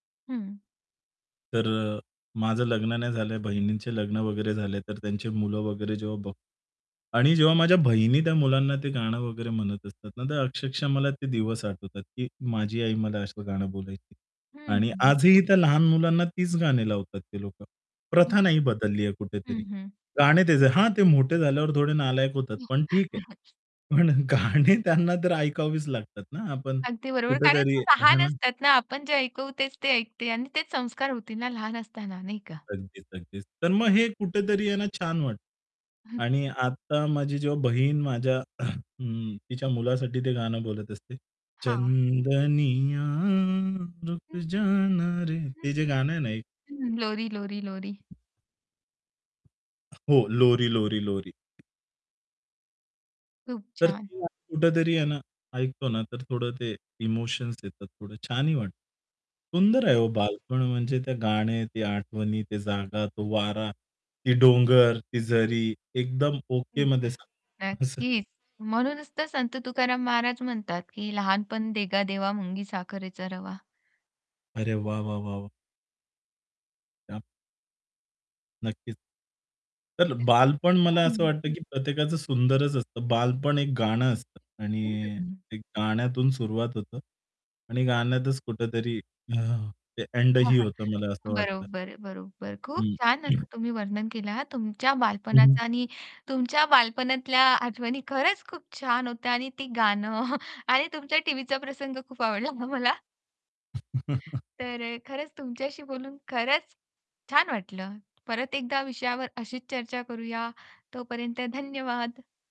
हं. तर अ, माझं लग्न नाही झालं आहे. बहिणींचे लग्न वगैरे झाले. तर त्यांची मुलं वगैरे जेव्हा बघतो आणि जेव्हा माझ्या बहिणी त्या मुलांना ते गाणं वगैरे म्हणत असतात ना, तर अक्षरशः मला ते दिवस आठवतात, की माझी आई मला असं गाणं बोलायची. हं, आणि हं. आजही त्या लहान मुलांना तीच गाणी लावतात ते लोकं. प्रथा नाही नक्कीच. बदलली आहे कुठेतरी. हं, हं. गाणं तेच आहे. हां, ते मोठे झाल्यावर थोडे नालायक होतात, पण ठीक आहे. पण गाणं त्यांना तर ऐकवावीच लागतात ना आपण अगदी बरोबर, कारण कुठेतरी ते हे लहान हां. असतात ना. आपण जे ऐकवू, तेच ते ऐकते आणि तेच संस्कार होतील ना लहान असताना, नाही का? अगदीच, अगदीच. तर मग हे कुठेतरी आहे ना, छान वाटतं. आणि आता माझी जेव्हा बहीण माझ्या हं, तिच्या मुलासाठी ते गाणं बोलत असते, हां. चंदनीया रुक हं. जाना रे. हं, ते जे गाणं आहे ना, एक हं, हं, लोरी, लोरी, लोरी. हो, लोरी, लोरी, लोरी. खूप तर छान. [unintelligible] कुठेतरी आहे ना ऐकतो ना, तर थोडं ते इमोशन्स येतात, थोडं छानही वाटतं. सुंदर आहे [unintelligible] हो बालपण, म्हणजे ते गाणं, ते आठवणी, ती जागा, तो वारा, ते डोंगर, ती झरी, एकदम ओकेमध्ये एकदा [unintelligible] असं. नक्कीच. म्हणूनच तर संत तुकाराम महाराज म्हणतात, की "लहानपण देगा देवा, मुंगी साखरेचा रवा." अरे वाह! वाह! वाह! वाह! क्या नक्कीच. तर बालपण मला [unintelligible] असं हं. वाटतं, की प्रत्येकाचं सुंदरच असतं. बालपण एक गाणं असतं आणि बरोबर. एक गाण्यातून सुरुवात होतं आणि गाण्यातच कुठेतरी ते हां, ऐंडही हां, होतं, मला असं वाटतं. बरोबर, बरोबर. खूप हं. छान असं तुम्ही वर्णन केलं हां तुमच्या हं. बालपणाचं आणि तुमच्या बालपणातल्या आठवणी खरंच खूप छान होत्या आणि ती गाणं आणि तुमच्या टीव्हीचा प्रसंग खूप आवडला हां मला. तर खरंच तुमच्याशी बोलून खरंच छान वाटलं. परत एकदा विषयावर अशीच चर्चा करूया. तोपर्यंत धन्यवाद.